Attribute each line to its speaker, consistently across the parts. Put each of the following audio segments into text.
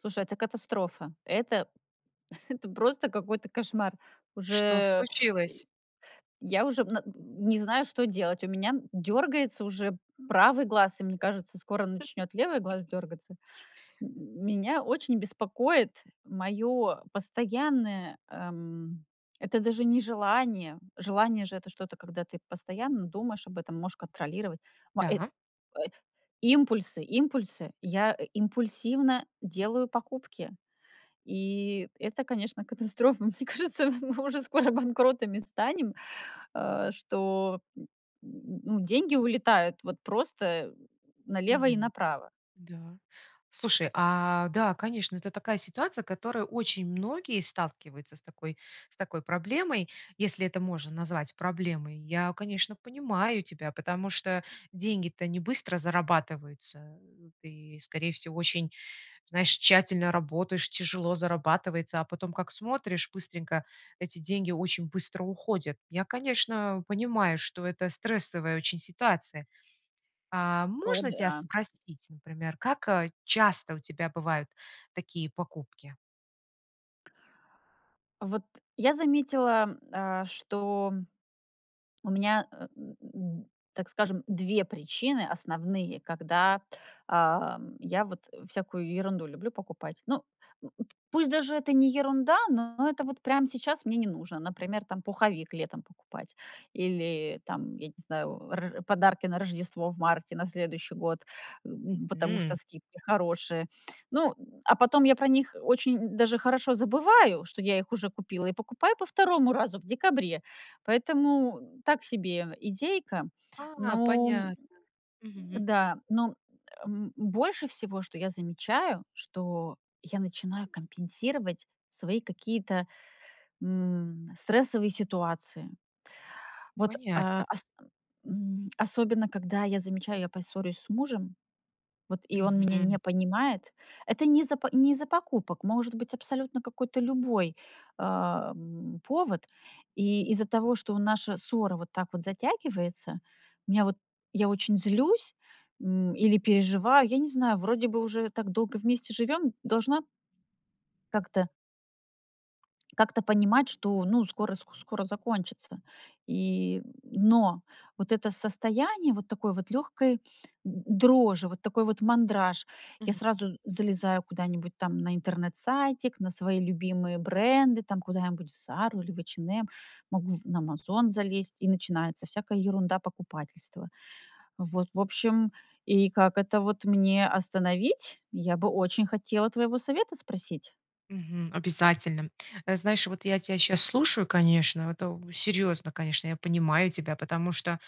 Speaker 1: Слушай, это катастрофа. Это это просто какой-то кошмар. Уже,
Speaker 2: Что
Speaker 1: э,
Speaker 2: случилось?
Speaker 1: и я уже, м, н не знаю, что делать. У меня, м, дёргается уже правый глаз, и мне кажется, скоро начнёт левый глаз дёргаться. М меня очень беспокоит моё постоянное, эм, это даже не желание. Желание же- это что-то, когда ты постоянно думаешь об этом, можешь контролировать, м, э, э,
Speaker 2: Да.
Speaker 1: импульсы импульсы. Я импульсивно делаю покупки. И это, конечно, катастрофа. Мне кажется, м мы уже скоро банкротами станем, э, что, н н ну, деньги улетают, вот, просто налево и
Speaker 2: Мгм.
Speaker 1: направо.
Speaker 2: Да. Слушай, а, да, конечно, это такая ситуация, которая очень многие сталкиваются с такой с такой проблемой, если это можно назвать проблемой. Я, конечно, понимаю тебя, потому что деньги-то не быстро зарабатываются, э, и, скорее всего, очень, знаешь, тщательно работаешь, тяжело зарабатывается, а потом как смотришь: быстренько, эти деньги очень быстро уходят. Я, конечно, понимаю, что это стрессовая очень ситуация. А,
Speaker 1: О
Speaker 2: можно тебя
Speaker 1: да.
Speaker 2: спросить, например, как, э, часто у тебя бывают такие покупки?
Speaker 1: Вот я заметила, м, э, что у меня, э, э, так скажем, 2 причины основные, когда, а, я вот всякую ерунду люблю покупать. Ну, э, пусть даже это не ерунда, но это вот сейчас мне не нужно. Например, там, пуховик летом покупать или, там, я не знаю, р подарки на Рождество в марте, на следующий год, м, потому что
Speaker 2: Мгм.
Speaker 1: скидки хорошие. Ну, а потом я про них очень даже хорошо забываю, что я их уже купила и покупаю по второму разу в декабре. Поэтому так себе идейка.
Speaker 2: А,
Speaker 1: Ну, м, м,
Speaker 2: понятно. Мгм.
Speaker 1: да. Ну, м, эм, но больше всего, что я замечаю, что я начинаю компенсировать свои какие-то, м, стрессовые ситуации. Вот, э,
Speaker 2: Понятно.
Speaker 1: ас м, особенно когда я замечаю, я поссорюсь с мужем, вот, и он меня не
Speaker 2: Мгм.
Speaker 1: понимает. Это не из-за не из-за покупок. Может быть, абсолютно какой-то любой, эм, повод. И из-за того, что наша ссора вот так вот затягивается, у меня вот я очень злюсь, м, или переживаю. Я не знаю, вроде бы уже так долго вместе живём, должна как-то как-то как-то понимать, что, ну, скоро, с ск скоро закончится. И, но вот это состояние вот такой вот лёгкой д дрожи, вот такой вот мандраж. Я
Speaker 2: Мгм.
Speaker 1: сразу залезаю куда-нибудь там на интернет-сайтик, на свои любимые бренды, там, куда-нибудь в "Зару" или в "Эйч энд эм" могу в на "Амазон" залезть, и начинается всякая ерундо-покупательство. Вот, в общем, и как это вот мне остановить? Я бы очень хотела твоего совета спросить.
Speaker 2: Мгм. Обязательно. Э, знаешь, вот я тебя щас слушаю, конечно, это серьёзно, конечно, я понимаю тебя, потому что,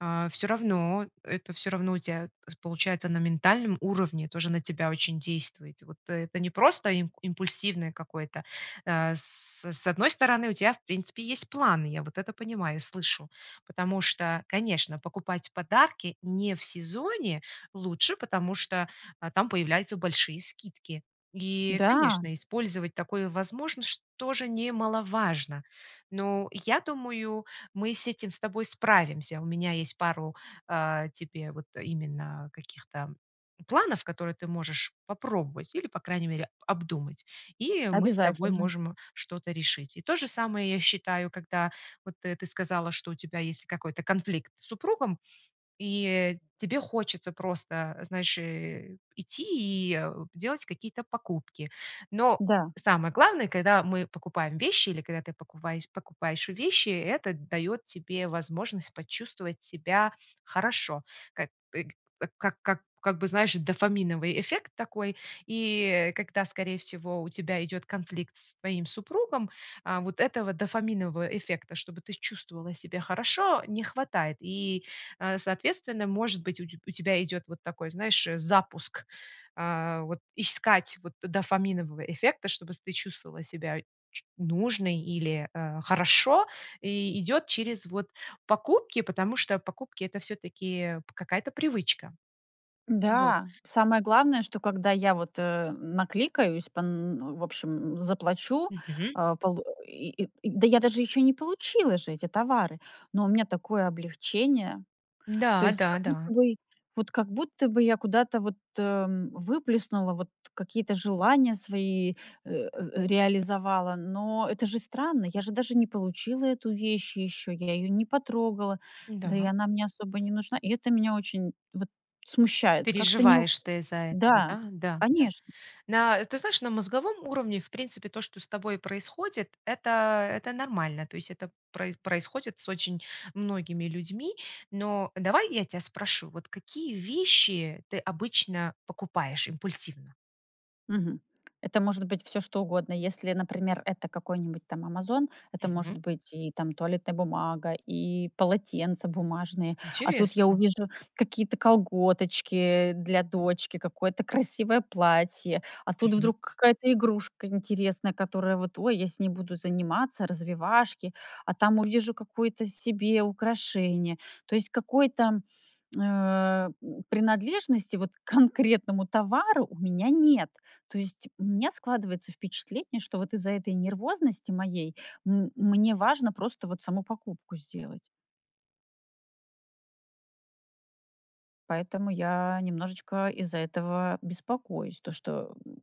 Speaker 2: а, всё равно, это всё равно у тебя получается на ментальном уровне тоже на тебя очень действует. И вот это не просто имп импульсивное какое-то, э, с с одной стороны, у тебя, в принципе, есть планы, я вот это понимаю и слышу. Потому что, конечно, покупать подарки не в сезоне лучше, потому что, а, там появляются большие скидки, и,
Speaker 1: Да.
Speaker 2: конечно, использовать такое возможно, что тоже немаловажно, но я думаю, мы с этим с тобой справимся. У меня есть пару, э, тебе вот именно каких-то планов, которые ты можешь попробовать или, по крайней мере, обдумать, и мы с тобой
Speaker 1: Обязательно.
Speaker 2: можем что-то решить. И то же самое я считаю, когда вот, э, ты сказала, что у тебя есть какой-то конфликт с супругом и тебе хочется просто, знаешь, э, идти и, э, делать какие-то покупки. Но
Speaker 1: Да.
Speaker 2: самое главное, когда мы покупаем вещи или когда ты покупае покупаешь вещи, это даёт тебе возможность почувствовать себя хорошо. Как, э, к как как как бы, знаешь, дофаминовый эффект такой. И когда, скорее всего, у тебя идёт конфликт с твоим супругом, э, вот этого дофаминового эффекта, чтобы ты чувствовала себя хорошо, не хватает. И, э, соответственно, может быть, у теб у тебя идёт вот такой, знаешь, э, запуск. А, вот искать, вот, дофаминового эффекта, чтобы с ты чувствовала себя ч нужной или, э, хорошо, и идёт через, вот, покупки, потому что покупки- это всё-таки какая-то привычка. Вот.
Speaker 1: Да, самое главное, что когда я вот, эм, наликаюсь пон н в общем, заплачу,
Speaker 2: Мгм.
Speaker 1: э, полу и, э, да я даже ещё не получила же эти товары, но у меня такое облегчение. То есть как будто
Speaker 2: Да-да-да.
Speaker 1: бы, вот как будто бы я куда-то вот, эм, выплеснула, вот какие-то желания свои, э, э, реализовала, но это же странно. Я же даже не получила эту вещь ещё, я её не потрогала, да и
Speaker 2: Да.
Speaker 1: она мне особо не нужна. И это меня очень, вот, смущает. Как-то не
Speaker 2: Переживаешь ты из-за этого,
Speaker 1: Да,
Speaker 2: да? Да, да.
Speaker 1: конечно.
Speaker 2: Да, ты знаешь, на мозговом уровне, в принципе, то, что с тобой происходит, это это нормально, то есть это про происходит с очень многими людьми. Но давай я тебя спрошу: "Вот какие вещи ты обычно покупаешь импульсивно?"
Speaker 1: Мгм, это может быть всё что угодно. Если, например, это какой-нибудь там "Амазон" это
Speaker 2: Мгм.
Speaker 1: может быть и там туалетная бумага, и полотенца бумажные, а тут я
Speaker 2: Интересно.
Speaker 1: увижу какие-то колготочки для дочки, какое-то красивое платье, а тут
Speaker 2: Мгм.
Speaker 1: вдруг какая-то игрушка интересная, которая вот: "Ой, я с ней буду заниматься, развивашки". А там увижу какое-то себе украшение. То есть какой-то, э, принадлежности, вот, к конкретному товару у меня нет. То есть у меня складывается впечатление, что вот из-за этой нервозности моей м мне важно просто вот саму покупку сделать. Поэтому я немножечко из-за этого беспокоюсь, то, что м м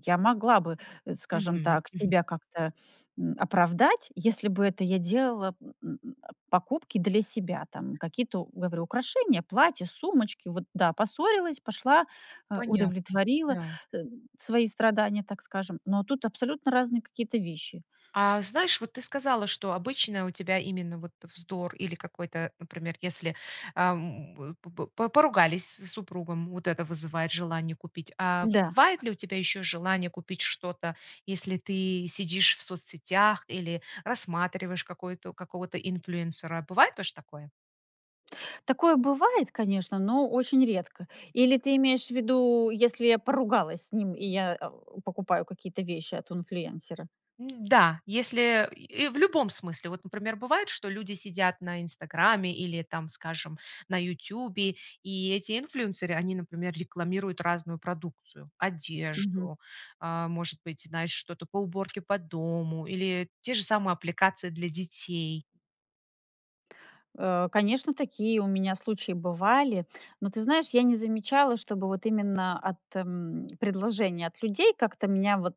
Speaker 1: я могла бы, э, скажем
Speaker 2: Мгм
Speaker 1: так,
Speaker 2: мгм.
Speaker 1: себя как-то, м, оправдать, если бы это я делала м м м, а покупки для себя. Там какие-то, говорю: украшения, платья, сумочки, вот да, поссорилась, пошла, а
Speaker 2: Понятно,
Speaker 1: удовлетворила,
Speaker 2: да.
Speaker 1: э, свои страдания, так скажем. Но тут абсолютно разные какие-то вещи.
Speaker 2: А, знаешь, вот ты сказала, что обычно у тебя именно вот вздор или какой-то, например, если, ам, по по по поругались с, супругом, вот это вызывает желание купить. А
Speaker 1: Да.
Speaker 2: вызывает ли у тебя ещё желание купить что-то, если ты сидишь в соцсетях или рассматриваешь какой-то какого-то инфлюэнсера? Бывает тоже такое?
Speaker 1: Такое бывает, конечно, но очень редко. Или ты имеешь в виду, если я поругалась с ним и я, э, покупаю какие-то вещи от инфлюэнсера?
Speaker 2: М-да! Если, э, и в любом смысле, вот, например, бывает, что люди сидят на "Инстаграмме" или, там, скажем, на "Ютубе", и эти инфлюенсеры, они, например, рекламируют разную продукцию:
Speaker 1: Мгм.
Speaker 2: одежду, а, может быть, знаешь, что-то по уборке по дому или те же самые аппликации для детей.
Speaker 1: Э, конечно, такие у меня случаи бывали, но ты знаешь, я не замечала, чтобы вот именно от, м, предложения от людей как-то меня, вот,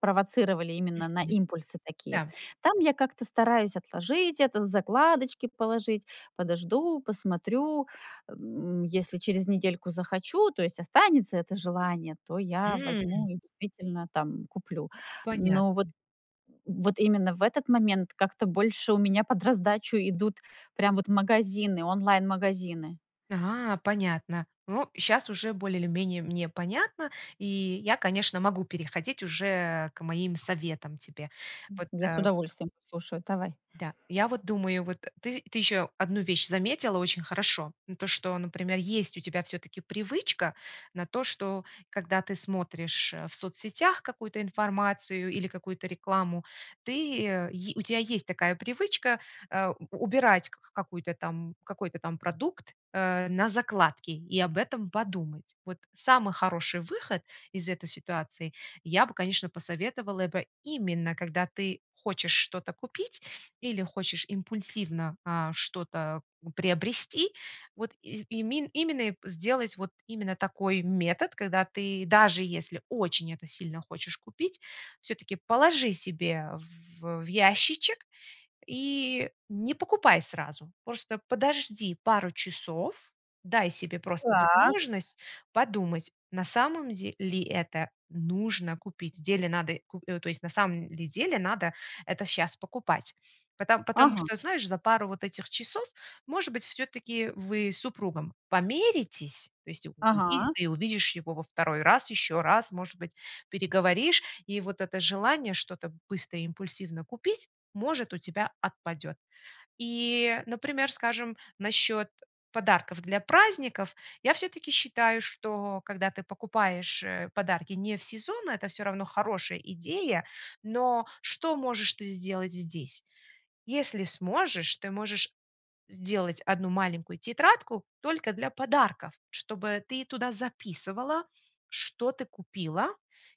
Speaker 1: провоцировали именно на
Speaker 2: Мгм.
Speaker 1: импульсы такие.
Speaker 2: Да.
Speaker 1: Там я как-то стараюсь отложить это, в закладочки положить, подожду, посмотрю, м, если через недельку захочу, то есть останется это желание, то я
Speaker 2: М.
Speaker 1: возьму и действительно там куплю. Но вот
Speaker 2: Понятно.
Speaker 1: м, вот именно в этот момент как-то больше у меня под раздачу идут, прям, вот магазины, онлайн-магазины.
Speaker 2: Ага, понятно. Ну, щас уже более или менее мне понятно, и я, конечно, могу переходить уже к моим советам тебе.
Speaker 1: М,
Speaker 2: Вот,
Speaker 1: я с
Speaker 2: э
Speaker 1: удовольствием послушаю, давай.
Speaker 2: Да. Я вот думаю, вот, э, ты, ты ещё 1 вещь заметила очень хорошо. Ну, то, что, например, есть у тебя всё-таки привычка на то, что когда ты смотришь, э, в соцсетях какую-то информацию или какую-то рекламу, ты э, е у тебя есть такая привычка, а, у убирать к к какую-то там, какой-то там продукт, э, на закладки и об этом подумать. Вот самый хороший выход из этой ситуации: я бы, конечно, посоветовала бы именно, когда ты хочешь что-то купить или хочешь импульсивно, а, что-то, э, приобрести, вот из имен именно, э, сделать вот именно такой метод, когда ты, даже если очень это сильно хочешь купить, всё-таки положи себе в в, э, ящичек и, не покупай сразу. Просто подожди пару часов, дай себе просто
Speaker 1: Так.
Speaker 2: возможность подумать, на самом де ли это нужно купить, в деле надо ку то есть, на самом ли деле надо это щас покупать. Пото потому
Speaker 1: Ага.
Speaker 2: что, знаешь, за пару вот этих часов, может быть, всё-таки, э, вы с супругом помиритесь, то есть
Speaker 1: Ага.
Speaker 2: увидит ли, увидишь его во второй раз, ещё раз, может быть, переговоришь, и вот это желание что-то быстро и импульсивно купить может у тебя отпадёт. И, э, например, скажем, насчёт, э, подарков для праздников. Я всё-таки считаю, что когда ты покупаешь, э, подарки не в сезон, это всё равно хорошая идея. Но что можешь ты сделать здесь? Если сможешь, ты можешь сделать 1 маленькую тетрадку только для подарков, чтобы ты туда записывала, что ты купила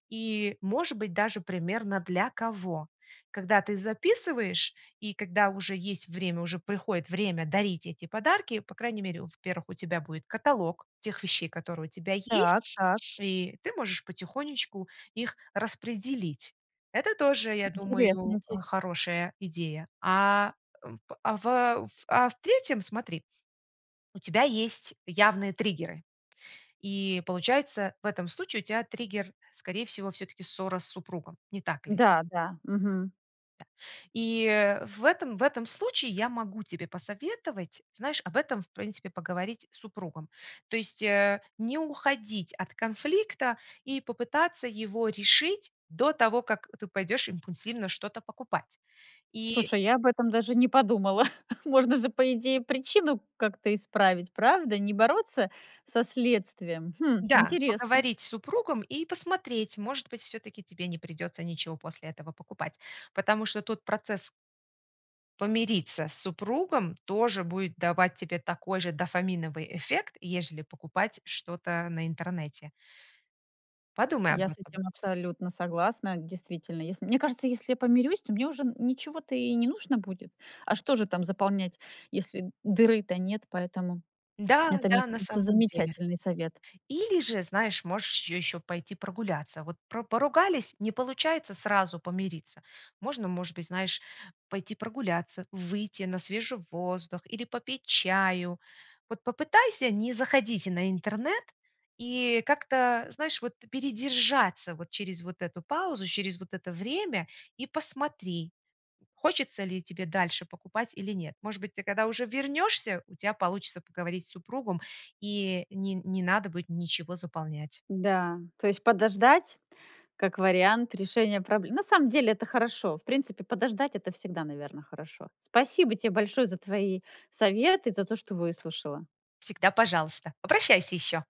Speaker 2: и, может быть, даже примерно для кого. Когда ты записываешь и когда уже есть время, уже приходит время дарить эти подарки, по крайней мере, во-первых, у тебя будет каталог тех вещей, которые у тебя
Speaker 1: Так
Speaker 2: есть,
Speaker 1: так.
Speaker 2: и ты можешь потихонечку их распределить. Это тоже, я думаю,
Speaker 1: Интересненький.
Speaker 2: а, хорошая идея. А, в, а в, э, а в третьем, смотри, у тебя есть явные триггеры. И получается, в этом случае у тя триггер, скорее всего, всё-таки ссора с супругом, не так ли?
Speaker 1: Да, да. Мгм.
Speaker 2: Да. И в этом в этом случае я могу тебе посоветовать, знаешь, об этом, в принципе, поговорить с супругом. То есть, э, не уходить от конфликта и попытаться его решить до того, как, э, ты пойдёшь импульсивно что-то покупать. И
Speaker 1: Слушай, я об этом даже не подумала. Можно же, по идее, причину как-то исправить, правда? Не бороться со следствием? Хм,
Speaker 2: Да,
Speaker 1: интересно.
Speaker 2: поговорить с супругом и посмотреть, может быть, всё-таки тебе не придётся ничего после этого покупать, потому что тут процесс помириться с супругом тоже будет давать тебе такой же дофаминовый эффект, ежели покупать что-то на интернете. Подумай об
Speaker 1: Я с
Speaker 2: этом.
Speaker 1: этим абсолютно согласна, действительно. Если мне кажется, если я помирюсь, то мне уже н ничего-то и не нужно будет. А что же там заполнять, если дыры-то нет? Поэтому
Speaker 2: Да,
Speaker 1: это, мне
Speaker 2: да, на
Speaker 1: кажется,
Speaker 2: самом деле.
Speaker 1: замечательный совет.
Speaker 2: Или же, знаешь, можешь ещё пойти прогуляться. Вот про поругались, не получается сразу помириться. Можно, может быть, знаешь, пойти прогуляться, выйти на свежий воздух или попить чаю. Вот попытайся не заходить на интернет и как-то, знаешь, вот передержаться, вот, через вот эту паузу, через вот это время и посмотри, хочется ли тебе дальше покупать или нет. Может быть, ты, когда уже вернешься, у тебя получится поговорить с супругом и не не надо будет ничего заполнять.
Speaker 1: Да, то есть подождать- как вариант решения пробле На самом деле, это хорошо. В принципе, подождать- это всегда, наверно, хорошо. Спасибо те большое за твои советы, за то, что выслушала.
Speaker 2: Всегда пожалуйста, обращайся ещё!